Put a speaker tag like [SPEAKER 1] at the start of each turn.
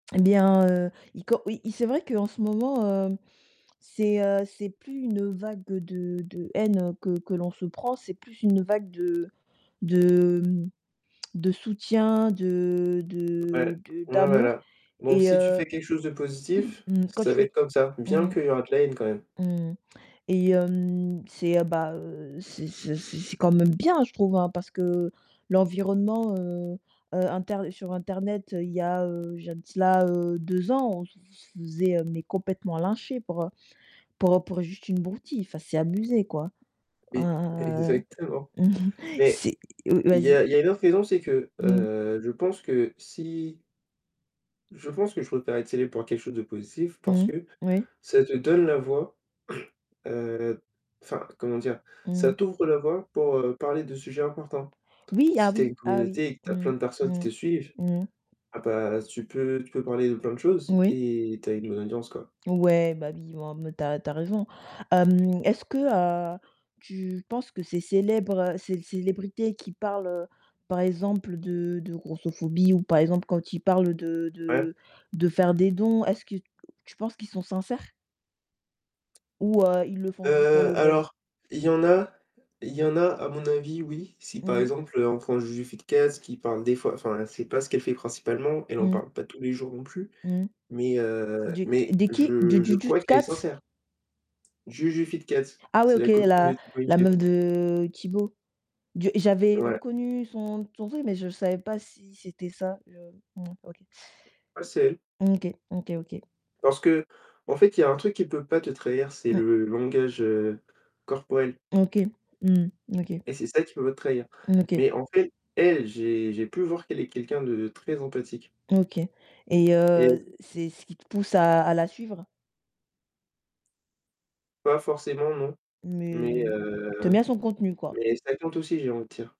[SPEAKER 1] Eh bien, heu, il co oui, c'est vrai qu'en ce moment, heu, c'est, heu, c'est plus une vague de de haine que que l'on se prend. C'est plus une vague de de, mmh, de soutien, de
[SPEAKER 2] Ouais,
[SPEAKER 1] de de
[SPEAKER 2] ouais,
[SPEAKER 1] d'amour
[SPEAKER 2] voilà, donc
[SPEAKER 1] et
[SPEAKER 2] si
[SPEAKER 1] heu
[SPEAKER 2] tu fais quelque chose de positif,
[SPEAKER 1] quand
[SPEAKER 2] ça
[SPEAKER 1] tu
[SPEAKER 2] va
[SPEAKER 1] fais
[SPEAKER 2] être comme ça. Bien
[SPEAKER 1] mmh
[SPEAKER 2] qu'il y aura de la haine quand même.
[SPEAKER 1] mh, mmh mh et hem, c'est, heu, bah, heu, c'est c'est c'est c'est quand même bien je trouve, hein, parce que l'environnement, heu, heu, inter sur internet il y a, heu, il y a de cela, heu, 2 ans, on se f se faisait, heu, mais complètement lyncher pour pour pour juste une broutille, enfin c'est abusé, quoi,
[SPEAKER 2] Oui,
[SPEAKER 1] heu,
[SPEAKER 2] exactement, mais
[SPEAKER 1] c'est v
[SPEAKER 2] il y
[SPEAKER 1] vas-y.
[SPEAKER 2] a il y a une autre raison, c'est que,
[SPEAKER 1] Mmh.
[SPEAKER 2] heu, je pense que si Je pense que je préfère être célèbre pour quelque chose de positif parce
[SPEAKER 1] Mmh,
[SPEAKER 2] que
[SPEAKER 1] oui.
[SPEAKER 2] ça te donne la voix, heu, enfin, comment dire? Ça
[SPEAKER 1] Mmh.
[SPEAKER 2] t'ouvre la voie pour, heu, parler de sujets importants.
[SPEAKER 1] Oui, ah
[SPEAKER 2] Si tu as
[SPEAKER 1] oui,
[SPEAKER 2] une
[SPEAKER 1] ah oui.
[SPEAKER 2] communauté et que tu as
[SPEAKER 1] Mmh,
[SPEAKER 2] plein de personnes qui
[SPEAKER 1] mmh,
[SPEAKER 2] te suivent,
[SPEAKER 1] mmh.
[SPEAKER 2] ah, bah, tu peux tu peux parler de plein de choses
[SPEAKER 1] Oui.
[SPEAKER 2] et tu as une bonne audience, quoi.
[SPEAKER 1] Ouais, bah, oui, en mode tu as r tu as raison. Hem, est-ce que, heu, tu penses que ces célébr ces célébrités qui parlent, heu, par exemple de de grossophobie ou par exemple quand ils parlent de
[SPEAKER 2] Ouais.
[SPEAKER 1] de de faire des dons, est-ce que tu penses qu'ils sont sincères? Ou heu, ils le
[SPEAKER 2] Heu,
[SPEAKER 1] font juste pour le buzz?
[SPEAKER 2] alors, il y en a il y en a à mon avis, oui, si par
[SPEAKER 1] Mmh.
[SPEAKER 2] exemple, heu, on prend Juju Fitcats qui parle des fois, enfin c'est pas ce qu'elle fait principalement, elle en
[SPEAKER 1] Mmh.
[SPEAKER 2] parle pas tous les jours non plus
[SPEAKER 1] Mmh.
[SPEAKER 2] mais, heu,
[SPEAKER 1] Du c
[SPEAKER 2] mais
[SPEAKER 1] de qui? Du
[SPEAKER 2] je je
[SPEAKER 1] du
[SPEAKER 2] crois
[SPEAKER 1] dut
[SPEAKER 2] qu'elle est
[SPEAKER 1] cats?
[SPEAKER 2] sincère. Juju Fitcats,
[SPEAKER 1] Ah ouais,
[SPEAKER 2] c'est
[SPEAKER 1] OK,
[SPEAKER 2] la copine de
[SPEAKER 1] la
[SPEAKER 2] Tibo
[SPEAKER 1] la
[SPEAKER 2] InShape.
[SPEAKER 1] meuf de Tibo. De j'avais
[SPEAKER 2] Ouais.
[SPEAKER 1] reconnu son son truc, mais je savais pas si c'était ça, heu, mmh, OK.
[SPEAKER 2] Ah, c'est elle.
[SPEAKER 1] OK, OK, OK.
[SPEAKER 2] Parce qu'en fait, il y a un truc qui peut pas te trahir, c'est
[SPEAKER 1] Mmh.
[SPEAKER 2] le langage, heu, corporel.
[SPEAKER 1] OK. Mmh, OK.
[SPEAKER 2] Et c'est ça qui peut pas te trahir,
[SPEAKER 1] Mmh, OK.
[SPEAKER 2] mais en fait, elle, j'ai j'ai pu voir qu'elle est quelqu'un de très empathique.
[SPEAKER 1] OK et
[SPEAKER 2] Et
[SPEAKER 1] heu, c'est ce qui te pousse à à la suivre?
[SPEAKER 2] Pas forcément non,
[SPEAKER 1] Mais
[SPEAKER 2] mais
[SPEAKER 1] heu,
[SPEAKER 2] heu,
[SPEAKER 1] tu aimes bien son contenu, quoi.
[SPEAKER 2] mais ça tente aussi, j'ai envie de dire.